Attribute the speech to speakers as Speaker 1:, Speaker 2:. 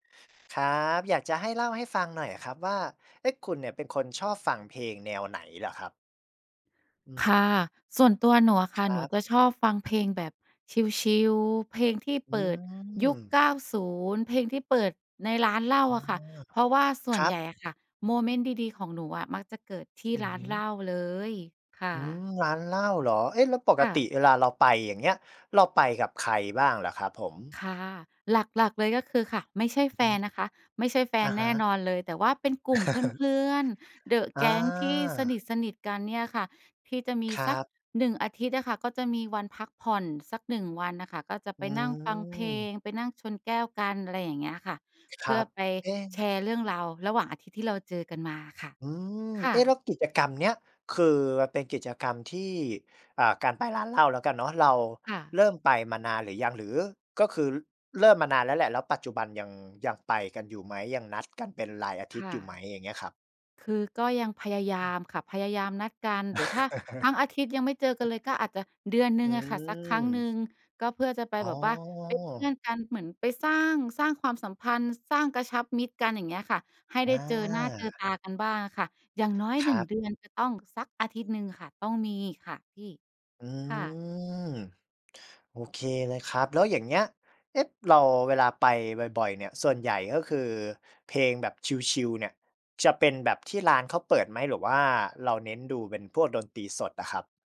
Speaker 1: ครับ อยากจะให้เล่าให้ฟังหน่อยอะครับว่า เอ๊ะ คุณเนี่ยเป็นคนชอบฟังเพลงแนวไหนเหรอครับ? อื
Speaker 2: ค่ะ
Speaker 1: ม
Speaker 2: ส่วนตัวหนูอะค
Speaker 1: ค
Speaker 2: ่ะ
Speaker 1: ร
Speaker 2: ห
Speaker 1: ั
Speaker 2: นู
Speaker 1: บ
Speaker 2: จะชอบฟังเพลงแบบชิล ๆ เพลงที่
Speaker 1: อื
Speaker 2: เปิดยุค
Speaker 1: ม
Speaker 2: 90 เพลงที่เปิดในร้านเหล้
Speaker 1: อ
Speaker 2: า
Speaker 1: ๋อ
Speaker 2: อะค่ะ เพราะว่าส่
Speaker 1: ค
Speaker 2: วน
Speaker 1: รั
Speaker 2: ให
Speaker 1: บ
Speaker 2: ญ่อะค่ะโมเมนต์ดี ๆ ของหนูอะมักจะเกิดที่
Speaker 1: อื
Speaker 2: ร
Speaker 1: อ
Speaker 2: ้า
Speaker 1: ฮ
Speaker 2: นเหล
Speaker 1: ึ
Speaker 2: ้าเลย ค่
Speaker 1: อื
Speaker 2: ะ
Speaker 1: ม ร้านเหล้าเหรอ เอ๊ะ แล้วปก
Speaker 2: ค่
Speaker 1: ติ
Speaker 2: ะ
Speaker 1: เวลาเราไป อย่างเงี้ย เราไปกับใครบ้างเหรอครับผม?
Speaker 2: ค่ะ หลัก ๆ เลยก็คือค่ะ ไม่ใช่
Speaker 1: อื
Speaker 2: แ
Speaker 1: อ
Speaker 2: ฟ
Speaker 1: ฮ
Speaker 2: น
Speaker 1: ึ
Speaker 2: นะคะ ไม่ใช่แฟ
Speaker 1: อ
Speaker 2: น
Speaker 1: ะฮ
Speaker 2: แน่
Speaker 1: ะ
Speaker 2: นอนเลย แต่ว่าเป็นกลุ่มเพื่อน ๆ เดอะ
Speaker 1: อ
Speaker 2: แก
Speaker 1: า
Speaker 2: ๊งที่สนิท ๆ กันเนี่ยค่ะ ที่จะมี
Speaker 1: คร
Speaker 2: ส
Speaker 1: ั
Speaker 2: ัก
Speaker 1: บ
Speaker 2: 1 อาทิตย์อะค่ะก็จะมีวันพักผ่อนสัก 1 วันน่ะค่ะ ก็จะ
Speaker 1: อื
Speaker 2: ไปนั่งฟังเพลง
Speaker 1: ม
Speaker 2: ไปนั่งชนแก้วกัน อะไรอย่างเงี้ยค่ะ
Speaker 1: ค
Speaker 2: เพ
Speaker 1: ร
Speaker 2: ื่
Speaker 1: ั
Speaker 2: อ
Speaker 1: บ
Speaker 2: ไป
Speaker 1: เอ๊
Speaker 2: แช
Speaker 1: ะ
Speaker 2: ร์เรื่องราวระหว่างอาทิตย์ที่เราเจอกันมาค่ะ
Speaker 1: อืม
Speaker 2: ค่
Speaker 1: เอ๊ะ แล้
Speaker 2: ะ
Speaker 1: วกิจกรรมเนี้ยคือเป็นกิจกรรมที่ อ่า การไปร้านเหล้าแล้วกันเนาะ เรา
Speaker 2: ค่ะ
Speaker 1: เริ่มไปมานานหรือยัง หรือก็คือเริ่มมานานแล้วแหละ แล้วปัจจุบันยัง ยังไปกันอยู่ไหม ยังนัดกันเป็นรายอาท
Speaker 2: ค
Speaker 1: ิตย
Speaker 2: ่
Speaker 1: ์อย
Speaker 2: ะ
Speaker 1: ู่ไหม อย่างเงี้ยครับ?
Speaker 2: คือก็ยังพยาย
Speaker 1: อ
Speaker 2: า
Speaker 1: ืม
Speaker 2: มค่ะ พยายามนัดกัน หรือถ้าทั้งอาทิตย์ยังไม่เจอกันเลย ก็อาจจะเดือนหน
Speaker 1: อ
Speaker 2: ึ
Speaker 1: ื
Speaker 2: ่งอะค่ะสักค
Speaker 1: ม
Speaker 2: รั้งหนึ่ง ก็เพื่อจะไป
Speaker 1: อ๋อ
Speaker 2: แบบว่าเป็นเพื่อนกัน เหมือนไปสร้าง สร้างความสัมพันธ์ สร้าง กระชับมิตรกัน อย่างเงี้ยค่ะ ให้ได
Speaker 1: อ
Speaker 2: ้
Speaker 1: า
Speaker 2: เจอ หน้าเจอตากันบ้างอะค่ะ อย่างน้อย
Speaker 1: ค
Speaker 2: หน
Speaker 1: ร
Speaker 2: ึ่ง
Speaker 1: ับ
Speaker 2: เดือนจะต้องสักอาทิตย์หนึ่งค่ะ ต้องมีค่ะพี่
Speaker 1: อื
Speaker 2: ค่ะ
Speaker 1: ม โอเคเลยครับ แล้วอย่างเงี้ย เอ๊ะ เรา เวลาไปบ่อย ๆ เนี่ย ส่วนใหญ่ก็คือเพลงแบบชิล ๆ เนี่ย จะเป็นแบบที่ร้านเขาเปิดไหม หรือว่าเราเน้นดูเป็นพวกดนตรีสดอะครับ?